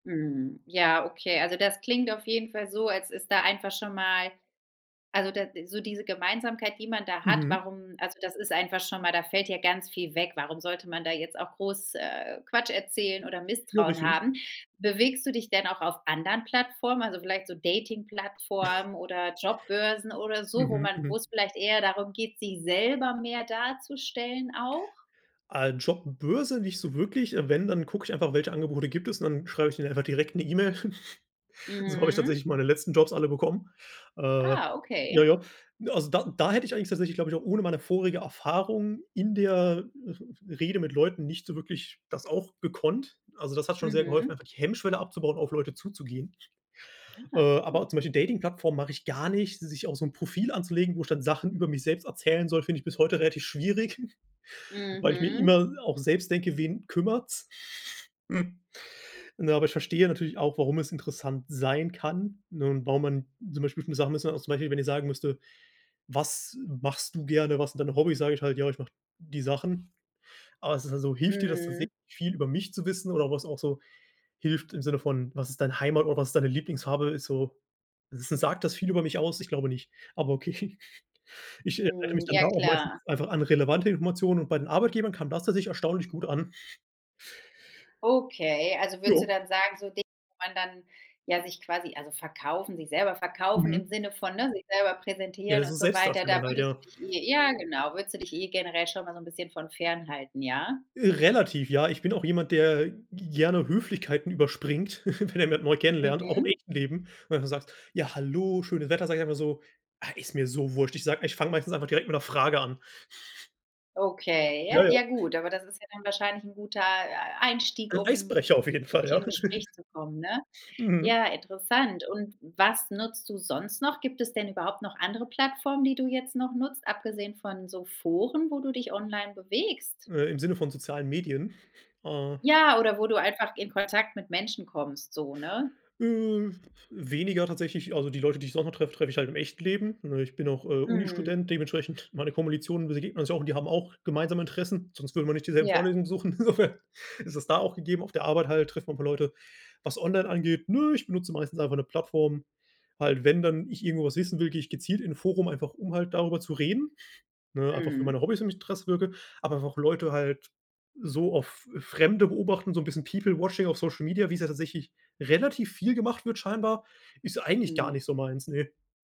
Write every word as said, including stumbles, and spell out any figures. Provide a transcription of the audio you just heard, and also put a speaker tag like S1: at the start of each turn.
S1: Mhm. Ja, okay. Also, das klingt auf jeden Fall so, als ist da einfach schon mal also da d so diese Gemeinsamkeit, die man da hat,
S2: Mhm.
S1: warum also das ist einfach schon mal da fällt ja ganz viel weg. Warum sollte man da jetzt auch groß, äh, Quatsch erzählen oder
S2: Ja,
S1: Misstrauen
S2: richtig.
S1: haben? Bewegst du dich denn auch auf anderen Plattformen, also vielleicht so Dating-Plattformen oder Jobbörsen oder so, wo
S2: Mhm,
S1: man
S2: mhm.
S1: wo's vielleicht eher darum geht, sich selber mehr darzustellen auch?
S2: Ah, Jobbörse nicht so wirklich, äh, wenn, dann gucke ich einfach, welche Angebote gibt es und dann schreibe ich denen einfach direkt 'ne E-Mail. So habe ich
S1: Mhm.
S2: tatsächlich meine letzten Jobs alle bekommen äh
S1: Ah,
S2: ja,
S1: okay.
S2: ja. Also da da hätte ich eigentlich tatsächlich, glaube ich, auch ohne meine vorige Erfahrung in der R R Rede mit Leuten nicht so wirklich das auch gekonnt. Also, das hat schon sehr geholfen,
S1: Mhm.
S2: einfach die Hemmschwelle abzubauen, auf Leute zuzugehen. Äh,
S1: Aha,
S2: aber
S1: mhm.
S2: zum Beispiel Dating-Plattformen mache ich gar nicht. Sich auch so 'n Profil anzulegen, wo ich dann Sachen über mich selbst erzählen soll, finde ich bis heute relativ schwierig, weil ich mir
S1: Mhm.
S2: immer auch selbst denke: „Wen kümmert's?“ Ne, aber ich verstehe natürlich auch, warum es interessant sein kann. Ne, und, warum man zum Beispiel, [unintelligible] Sachen auch zum Beispiel, wenn ich sagen müsste: „Was machst du gerne? Was sind dein Hobbies?" Sage ich halt: „Ja, ich mache die Sachen.". Aber es ist halt so, hilft dir das tatsächlich
S1: Mhm.
S2: viel über mich zu wissen oder was auch so hilft im Sinne von: „Was ist deine Heimat oder was ist deine Lieblingsfarbe?", ist so s s sagt das viel über mich aus? Ich glaube nicht. Aber okay. Ich erinnere
S1: Mhm.
S2: mich dann
S1: Ja
S2: da auch meistens
S1: klar.
S2: einfach an relevante Informationen und bei den Arbeitgebern kam das tatsächlich erstaunlich gut an.
S1: Okay, also würdest du
S2: Ja.
S1: dann sagen, so Dinge, wo man dann, ja, sich quasi also verkaufen sich selber verkaufen im
S2: Mhm.
S1: Sinne von, ne, sich selber präsentieren
S2: Ja, so
S1: und so weiter, da
S2: Selbstdarstellung halt,
S1: würdest du
S2: ja.
S1: dich eh ja genau würdest du dich eh generell schon mal so 'n bisschen von fernhalten, ja?
S2: Relativ, ja. Ich bin auch jemand, der g gerne Höflichkeiten überspringt, wenn er jemand neu kennenlernt, auch im
S1: Mhm.
S2: echten Leben, wenn du sagst: „Ja hallo, schönes Wetter", sage ich einfach so: „Ah, ist mir so wurscht!" Ich sage ich fange meistens einfach direkt mit 'ner Frage an.
S1: Okay,
S2: Ja,
S1: ja
S2: ja.
S1: ja gut, aber das ist ja dann wahrscheinlich 'n guter, äh, Einstieg,
S2: 'N
S1: um
S2: Eisbrecher auf jeden Fall,
S1: sich in
S2: ja.
S1: 'nen Gespräch zu kommen, ne?
S2: Mhm.
S1: Ja, interessant. Und was nutzt du sonst noch? Gibt es denn überhaupt noch andere Plattformen, die du jetzt noch nutzt, abgesehen von so Foren, wo du dich online bewegst?
S2: Äh, im Sinne von sozialen Medien? Ah
S1: Ja, oder wo du einfach in Kontakt mit Menschen kommst so, ne?
S2: Äh, weniger tatsächlich. Also, die Leute, die ich so noch treffe, treffe ich halt im echten Leben, ne? Ich bin auch, äh,
S1: Mhm.
S2: Uni-Student, dementsprechend meine Komolitionen, wir begegnen uns ja auch und die haben auch gemeinsame Interessen, sonst würden wir nicht dieselben
S1: Ja.
S2: Vorlesungen besuchen, insofern ist es da auch gegeben. Auf der Arbeit halt trifft man 'n paar Leute. Was online angeht, ne, ich benutze meistens einfach 'ne Plattform. Halt, wenn dann ich irgendwo was wissen will, gehe ich gezielt in 'n Forum, einfach um halt darüber zu reden, ne, einfach für meine
S1: Mhm.
S2: Hobbys und in mich [unintelligible] wirke. Aber einfach Leute halt so auf F Fremde beobachten, so 'n bisschen People Watching auf Social Media, wie's ja tatsächlich relativ viel gemacht wird scheinbar, ist eigentlich gar
S1: Mhm.
S2: nicht so meins, ne.